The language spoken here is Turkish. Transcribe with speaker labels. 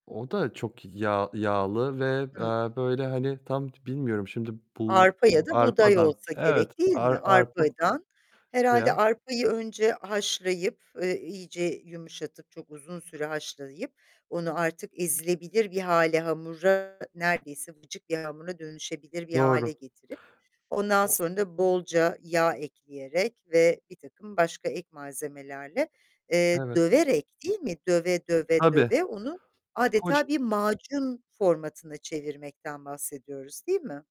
Speaker 1: O da çok yağ yağlı ve,
Speaker 2: Hı.
Speaker 1: eee, böyle hani, tam bilmiyorum şimdi bul
Speaker 2: Arpa ya da buğday
Speaker 1: arpadan,
Speaker 2: olsa
Speaker 1: evet,
Speaker 2: gerek değil mi?
Speaker 1: ar arpa
Speaker 2: Arpadan. Herhâlde
Speaker 1: veya
Speaker 2: arpayı önce haşlayıp, eee, iyice yumuşatıp, çok uzun süre haşlayıp onu artık ezilebilir bir hâle, hamura, neredeyse vıcık bir hamura dönüşebilir bir hâle
Speaker 1: Doğru.
Speaker 2: getirip, ondan
Speaker 1: O
Speaker 2: sonra da bolca yağ ekleyerek ve birtakım başka ek malzemelerle, eee,
Speaker 1: Evet.
Speaker 2: döverek, değil mi? Döve, döve,
Speaker 1: Tabii.
Speaker 2: döve onu adeta
Speaker 1: Koc
Speaker 2: bir macun formatına çevirmekten bahsediyoruz, değil mi?